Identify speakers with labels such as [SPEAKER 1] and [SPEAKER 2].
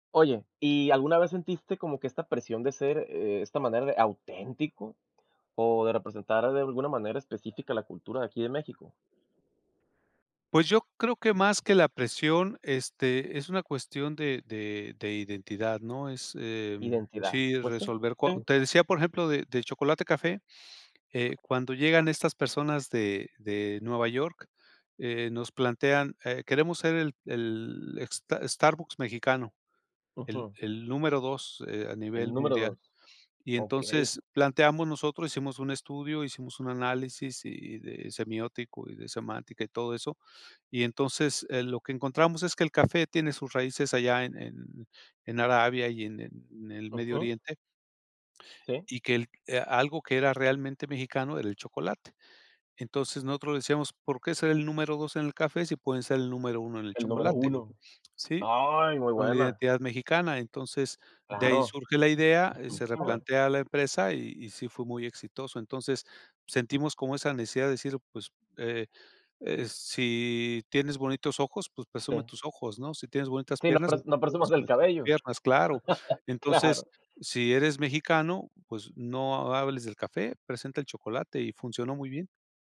[SPEAKER 1] Oye, ¿y alguna vez sentiste como que esta presión de ser, eh, esta manera de auténtico, o de representar de alguna manera específica la cultura de aquí de México?
[SPEAKER 2] Pues, yo creo que más que la presión, este, es una cuestión de de de identidad, ¿no?, es, em
[SPEAKER 1] Identidad,
[SPEAKER 2] sí,
[SPEAKER 1] pues sí,
[SPEAKER 2] resolver co
[SPEAKER 1] sí.
[SPEAKER 2] te decía, por ejemplo, de del chocolate café, eh, cuando llegan estas personas de de Nueva York, eh, nos plantean, eh: "Queremos ser el el sta Starbucks mexicano, el
[SPEAKER 1] Ujú.
[SPEAKER 2] el número 2, eh, a
[SPEAKER 1] El
[SPEAKER 2] nivel
[SPEAKER 1] número
[SPEAKER 2] mundial",
[SPEAKER 1] 2,
[SPEAKER 2] y
[SPEAKER 1] okey.
[SPEAKER 2] entonces planteamos, nosotros hicimos un estudio, hicimos un análisis, y de semiótico, y de semántica y todo eso, y entonces, eh, lo que encontramos es que el café tiene sus raíces allá en en en Arabia y en en el Medio
[SPEAKER 1] Ujú.
[SPEAKER 2] Oriente
[SPEAKER 1] Sí.
[SPEAKER 2] y que el e algo que era realmente mexicano era el chocolate, entonces, nosotros decíamos: "¿Por qué ser el número 2 en el café, si pueden ser el número 1 en el
[SPEAKER 1] El número
[SPEAKER 2] chocolate?",
[SPEAKER 1] 1,
[SPEAKER 2] ¿sí?,
[SPEAKER 1] ¡ay, muy
[SPEAKER 2] con la
[SPEAKER 1] buena!
[SPEAKER 2] identidad mexicana, entonces, de ahí
[SPEAKER 1] Claro,
[SPEAKER 2] surge la idea, eh, se
[SPEAKER 1] buenísima.
[SPEAKER 2] replantea a la empresa, y y sí fue muy exitoso, entonces, sentimos como esa necesidad de decir: "Pues, eh eh, si tienes bonitos ojos, pues, presume
[SPEAKER 1] Sí.
[SPEAKER 2] tus ojos, ¿no?, si tienes bonitas
[SPEAKER 1] Sí, no
[SPEAKER 2] piernas,
[SPEAKER 1] pres no presumas del
[SPEAKER 2] presume tus
[SPEAKER 1] cabello,
[SPEAKER 2] piernas". Claro, entonces:
[SPEAKER 1] claro.
[SPEAKER 2] "Si eres mexicano, pues, no hables del café, presenta el chocolate", y funcionó muy bien.